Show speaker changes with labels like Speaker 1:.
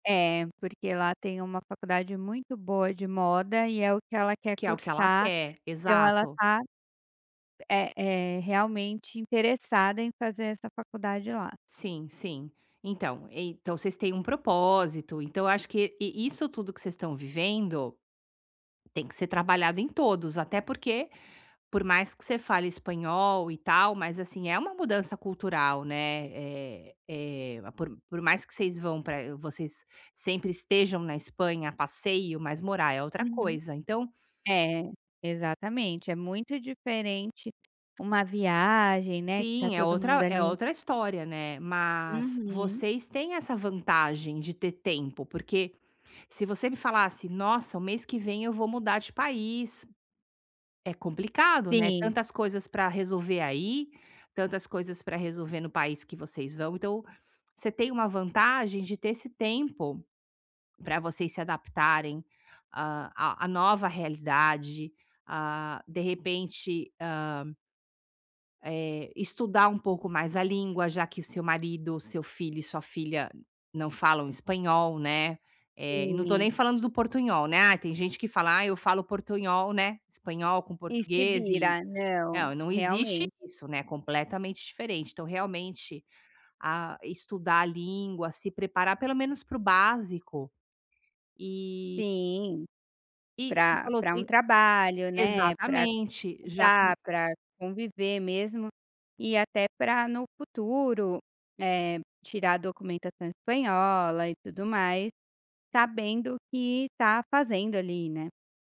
Speaker 1: É, porque lá tem uma faculdade muito boa de moda e é o que ela quer
Speaker 2: Que é o que ela
Speaker 1: cursar,
Speaker 2: quer.
Speaker 1: então ela
Speaker 2: Exato.
Speaker 1: está, eh eh, realmente interessada em fazer essa faculdade lá.
Speaker 2: Sim, sim. Então então vocês têm um propósito, então eu acho que e i isso tudo que vocês estão vivendo tem que ser trabalhado em todos, até porque por mais que você fale espanhol e tal, mas assim, é uma mudança cultural, né, eh eh, por por mais que vocês vão para vocês sempre estejam na Espanha a passeio, mas morar é outra
Speaker 1: Uhum.
Speaker 2: coisa. Então
Speaker 1: É, exatamente, é muito diferente uma viagem, né, que está
Speaker 2: Sim, é
Speaker 1: todo mundo
Speaker 2: outra é
Speaker 1: ali
Speaker 2: outra história, né. Mas
Speaker 1: Uhum.
Speaker 2: vocês têm essa vantagem de ter tempo, porque se você me falasse: "Nossa, o mês que vem eu vou mudar de país", é complicado, né,
Speaker 1: Sim.
Speaker 2: tantas coisas para resolver aí, tantas coisas para resolver no país que vocês vão, então você tem uma vantagem de ter esse tempo para vocês se adaptarem, ah, a a nova realidade, ah, de repente, ah eh, estudar um pouco mais a língua já que seu marido, seu filho e sua filha não falam espanhol, né. Eh, e não estou
Speaker 1: Sim.
Speaker 2: nem falando do portunhol, né. Ah, tem gente que fala: "Ai eu falo portunhol, né, espanhol com
Speaker 1: E se
Speaker 2: português e"
Speaker 1: vira.
Speaker 2: eh,
Speaker 1: Não,
Speaker 2: ah, não existe
Speaker 1: realmente.
Speaker 2: isso, né, é completamente diferente. Então realmente, ah, estudar a língua, se preparar pelo menos para o básico e
Speaker 1: Sim.
Speaker 2: I você
Speaker 1: Para
Speaker 2: falou
Speaker 1: para um
Speaker 2: que
Speaker 1: trabalho, né, para
Speaker 2: exatamente. Já
Speaker 1: estudar,
Speaker 2: que
Speaker 1: para conviver mesmo e até para no futuro, eh, tirar a documentação espanhola e tudo mais, sabendo o que está fazendo ali, né.